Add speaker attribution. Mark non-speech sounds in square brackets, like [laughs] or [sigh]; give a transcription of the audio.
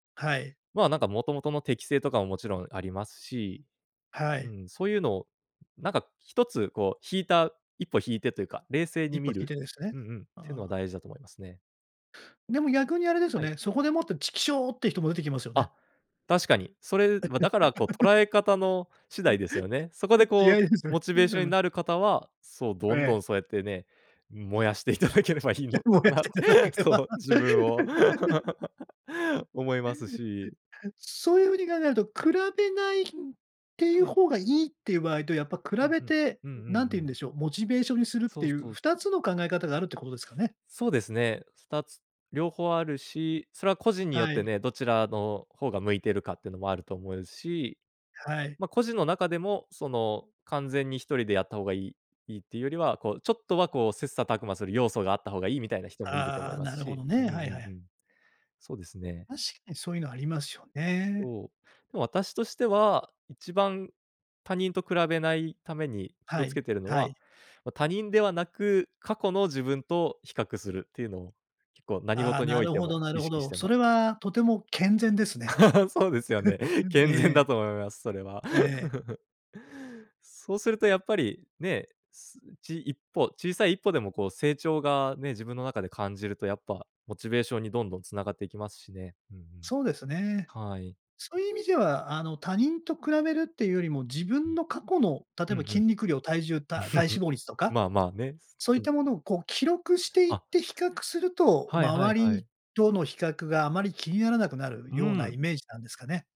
Speaker 1: はい。
Speaker 2: まあ、なんかもともとの適性とかも、もちろんありますし、
Speaker 1: は
Speaker 2: う
Speaker 1: い。
Speaker 2: ん、そういうのを、なんか一つこう引いた、一歩引いてというか、冷静
Speaker 1: 一
Speaker 2: に
Speaker 1: 歩
Speaker 2: 見
Speaker 1: 引い
Speaker 2: る
Speaker 1: てですね、
Speaker 2: うんうん、っての
Speaker 1: あ
Speaker 2: は
Speaker 1: あ。
Speaker 2: 大事だと思いますね。
Speaker 1: でも逆にあれですよ
Speaker 2: はい。
Speaker 1: ね、そこでもって「チキショ」っていう人も出てきますよね。
Speaker 2: あ、確かに。それ、ま、だからこう捉
Speaker 1: [laughs]
Speaker 2: え方の次第ですよね。そこで
Speaker 1: [laughs] 気
Speaker 2: こう
Speaker 1: 合いですよね。
Speaker 2: モチ
Speaker 1: う
Speaker 2: ベー
Speaker 1: ん
Speaker 2: シ
Speaker 1: う
Speaker 2: ョンに
Speaker 1: ん。
Speaker 2: なる方は、そう、
Speaker 1: う
Speaker 2: どんど
Speaker 1: え。
Speaker 2: んそうやってね、うん、燃やしていただければいい
Speaker 1: え、
Speaker 2: の
Speaker 1: 燃
Speaker 2: か
Speaker 1: やし
Speaker 2: な
Speaker 1: ていただけれ
Speaker 2: そ
Speaker 1: ば。
Speaker 2: う、自分を。
Speaker 1: [laughs]
Speaker 2: [laughs] 思いますし。
Speaker 1: [laughs] そういう風に考えると、比べない、うん、ってい
Speaker 2: は
Speaker 1: う
Speaker 2: い。
Speaker 1: 方がいいっていう場合と、やっぱ比
Speaker 2: うん、
Speaker 1: べ
Speaker 2: ふん、
Speaker 1: て、
Speaker 2: うんう
Speaker 1: 何
Speaker 2: ん
Speaker 1: て
Speaker 2: う
Speaker 1: 言うん
Speaker 2: ん。
Speaker 1: でしょう、モチベーションにするっ
Speaker 2: そ
Speaker 1: て
Speaker 2: う
Speaker 1: いう
Speaker 2: そう。
Speaker 1: 2つの考え方があるってことですかね？
Speaker 2: そうですね、2つ両方あるし、それは個人によっ
Speaker 1: は
Speaker 2: て
Speaker 1: い。
Speaker 2: ね、どちらの方が向いてるかっていうのもあると思うし、
Speaker 1: はい。
Speaker 2: ま、個人の中でもその完全に1人でやった方がいいいいっていうよりは、こうちょっとはこう、切磋琢磨する要素があった方がいいみたいな人もいると
Speaker 1: あ
Speaker 2: 思い
Speaker 1: あ、
Speaker 2: ま
Speaker 1: な
Speaker 2: す
Speaker 1: るほ
Speaker 2: し、
Speaker 1: ど
Speaker 2: ううん
Speaker 1: ね。
Speaker 2: う
Speaker 1: は
Speaker 2: ん
Speaker 1: いは
Speaker 2: う
Speaker 1: い。
Speaker 2: ん。そうですね。
Speaker 1: 確かにそういうのありますよね。
Speaker 2: そう、でも私としては、一番他人と比べないために気
Speaker 1: は
Speaker 2: をつ
Speaker 1: い、
Speaker 2: けてるの
Speaker 1: は
Speaker 2: は、
Speaker 1: い。
Speaker 2: ま、他人ではなく、過去の自分と比較するていうのを、結構何
Speaker 1: ああ、
Speaker 2: 事に
Speaker 1: な
Speaker 2: おい
Speaker 1: る
Speaker 2: て
Speaker 1: ほど
Speaker 2: も
Speaker 1: なる
Speaker 2: 意
Speaker 1: ほ
Speaker 2: 識し
Speaker 1: ど。
Speaker 2: て
Speaker 1: そ
Speaker 2: ま
Speaker 1: れ
Speaker 2: す。
Speaker 1: はとても健全ですね。
Speaker 2: [laughs] そうですよね。
Speaker 1: [chuckles]
Speaker 2: 健全だ
Speaker 1: ええ。
Speaker 2: と思います、それは。
Speaker 1: ええ。
Speaker 2: [laughs] そうするとやっぱり、ね、すち一歩、小さい一歩でもこう成長がね、自分の中で感じるとやっぱモチベーションにどんどん繋がっていきますしね。うんうん。
Speaker 1: そうですよね。
Speaker 2: はい。
Speaker 1: そういう意味では、あの、他人と比べるっていうよりも、自
Speaker 2: う
Speaker 1: 分
Speaker 2: ん。
Speaker 1: の過去の、例
Speaker 2: う
Speaker 1: えば
Speaker 2: んう
Speaker 1: 筋
Speaker 2: ん。
Speaker 1: 肉量、体重、た体
Speaker 2: [chuckles]
Speaker 1: 脂肪率とか、
Speaker 2: まあまあね、す
Speaker 1: そうい
Speaker 2: き
Speaker 1: っ
Speaker 2: ん。
Speaker 1: たものをこう記録していっ
Speaker 2: あ
Speaker 1: て比較すると、
Speaker 2: はいはい
Speaker 1: 周
Speaker 2: は
Speaker 1: り
Speaker 2: い。
Speaker 1: との比較があまり気にならなくなる
Speaker 2: う
Speaker 1: ようなイ
Speaker 2: ん。
Speaker 1: メージなんですかね？